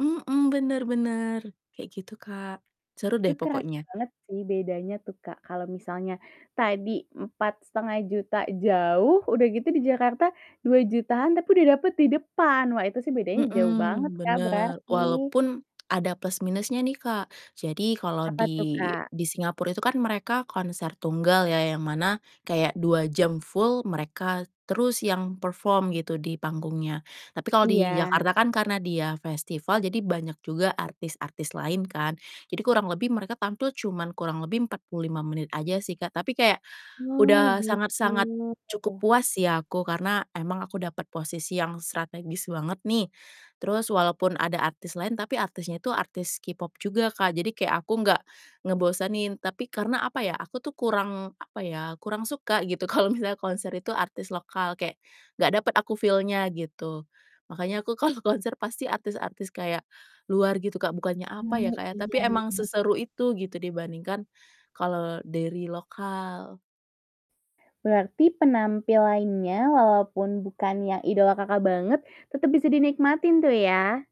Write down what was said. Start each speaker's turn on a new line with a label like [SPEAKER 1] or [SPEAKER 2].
[SPEAKER 1] Mhm, bener bener kayak gitu Kak, seru
[SPEAKER 2] Itu
[SPEAKER 1] deh
[SPEAKER 2] kerasa
[SPEAKER 1] pokoknya.
[SPEAKER 2] banget sih bedanya tuh Kak, kalau misalnya tadi Rp4.500.000 jauh, udah gitu di Jakarta Rp2.000.000-an tapi udah dapet di depan. Wah itu sih bedanya jauh banget,
[SPEAKER 1] Mhm,
[SPEAKER 2] Kak,
[SPEAKER 1] bener
[SPEAKER 2] berarti.
[SPEAKER 1] walaupun ada plus minusnya nih Kak. Jadi kalau
[SPEAKER 2] Apa tuh,
[SPEAKER 1] di
[SPEAKER 2] Kak?
[SPEAKER 1] di Singapore itu kan mereka konser tunggal ya, yang mana kayak 2 jam full mereka terus yang perform gitu di panggungnya. Tapi kalau di
[SPEAKER 2] Iya.
[SPEAKER 1] Jakarta kan karena dia festival jadi banyak juga artis-artis lain kan, jadi kurang lebih mereka tampil cuman kurang lebih 45 menit aja sih Kak. Tapi kayak
[SPEAKER 2] Oh,
[SPEAKER 1] udah
[SPEAKER 2] gitu.
[SPEAKER 1] sangat-sangat cukup
[SPEAKER 2] Heeh.
[SPEAKER 1] puas ya aku, karena emang aku dapat posisi yang strategis banget nih, terus walaupun ada artis lain tapi artisnya itu artis K-pop juga Kak, jadi kayak aku nggak ngebosenin, tapi karena apa ya, aku tuh kurang apa ya, kurang suka gitu kalau misalnya konser itu artis lokal, kayak gak dapet aku feel-nya gitu. Makanya aku kalau konser pasti artis-artis kayak luar gitu Kak, bukannya apa ya,
[SPEAKER 2] Oh,
[SPEAKER 1] Kak ya, tapi
[SPEAKER 2] iya
[SPEAKER 1] emang
[SPEAKER 2] iya.
[SPEAKER 1] seseru itu gitu dibandingkan kalau dari lokal.
[SPEAKER 2] Berarti penampilannya walaupun bukan yang idola Kakak banget tetep bisa dinikmatin tuh ya?